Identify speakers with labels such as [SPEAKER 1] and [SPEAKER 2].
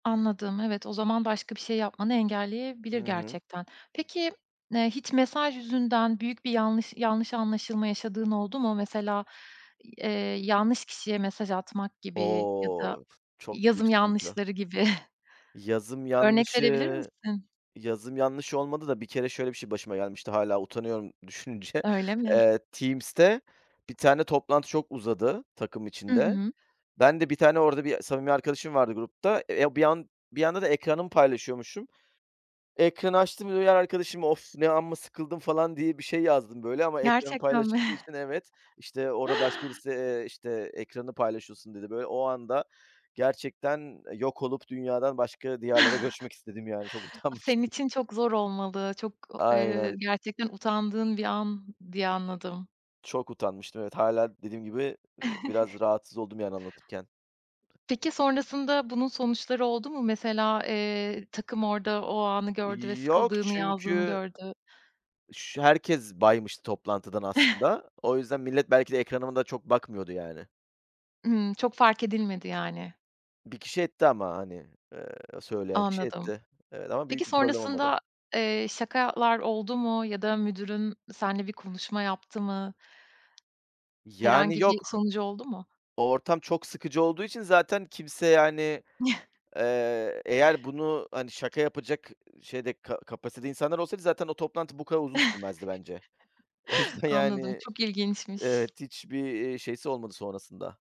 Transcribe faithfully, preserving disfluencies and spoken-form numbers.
[SPEAKER 1] Anladım. Evet, o zaman başka bir şey yapmanı
[SPEAKER 2] Hı
[SPEAKER 1] engelleyebilir
[SPEAKER 2] hı.
[SPEAKER 1] gerçekten. Peki, eee, hiç mesaj yüzünden büyük bir yanlış yanlış anlaşılma yaşadığın oldu mu? Mesela i eee, yanlış kişiye mesaj atmak gibi ya da
[SPEAKER 2] O, çok büyük
[SPEAKER 1] yazım
[SPEAKER 2] sıkıntı.
[SPEAKER 1] yanlışları gibi.
[SPEAKER 2] Yazım
[SPEAKER 1] Örnek verebilir
[SPEAKER 2] yanlışı
[SPEAKER 1] misin?
[SPEAKER 2] yazım yanlışı olmadı da bir kere şöyle bir şey başıma gelmişti hâlâ utanıyorum düşününce.
[SPEAKER 1] Öyle mi?
[SPEAKER 2] Eee, Teams'te bir tane toplantı çok uzadı takım
[SPEAKER 1] Hı
[SPEAKER 2] içinde.
[SPEAKER 1] hı.
[SPEAKER 2] Ben de bir tane, orada bir samimi arkadaşım vardı grupta. Eee, ya, bir an bir anda da ekranımı paylaşıyormuşum. Ekranı açtım, diğer arkadaşıma, "Of! Ne amma sıkıldım." falan diye bir şey yazdım böyle ama ekranım
[SPEAKER 1] Gerçekten mi?
[SPEAKER 2] paylaşıldığı için Evet, işte, orada başka birisi, eee, işte, "Ekranı paylaşıyorsun." dedi. Böyle, o anda gerçekten yok olup dünyadan başka diyarlara göçmek istedim, yani. Çok
[SPEAKER 1] Senin
[SPEAKER 2] utanmıştım.
[SPEAKER 1] için çok zor olmalı. Çok eee,
[SPEAKER 2] Aynen.
[SPEAKER 1] gerçekten utandığın bir an diye anladım.
[SPEAKER 2] Çok utanmıştım, evet. Hâlâ dediğim gibi, iii, biraz rahatsız oldum, yani, anlatırken.
[SPEAKER 1] Peki, sonrasında bunun sonuçları oldu mu? Mesela, eee, takım orada o anı gördü ve
[SPEAKER 2] İii, yok
[SPEAKER 1] sıkıldığını yazdığını
[SPEAKER 2] çünkü
[SPEAKER 1] gördü.
[SPEAKER 2] şü herkes baymıştı toplantıdan aslında. O yüzden millet belki de ekranıma da çok bakmıyordu yani.
[SPEAKER 1] Hımm. Çok fark edilmedi, yani.
[SPEAKER 2] bir kişi etti ama, hani, eee, söyleyen kişi
[SPEAKER 1] Anladım.
[SPEAKER 2] etti. Evet ama
[SPEAKER 1] Peki
[SPEAKER 2] büyük bir problem olmadı.
[SPEAKER 1] sonrasında, eee, şakalar oldu mu ya da müdürün senle bir konuşma yaptı mı?
[SPEAKER 2] Yani,
[SPEAKER 1] Herhangi bir
[SPEAKER 2] yok.
[SPEAKER 1] sonucu oldu mu?
[SPEAKER 2] O ortam çok sıkıcı olduğu için zaten kimse, yani, eee, eğer bunu, hani, şaka yapacak şeyde, ka kapasitede insanlar olsaydı zaten o toplantı bu kadar uzun sürmezdi bence. O yüzden,
[SPEAKER 1] Anladım,
[SPEAKER 2] yani,
[SPEAKER 1] çok ilginçmiş.
[SPEAKER 2] evet hiçbir, eee, şeysi olmadı sonrasında.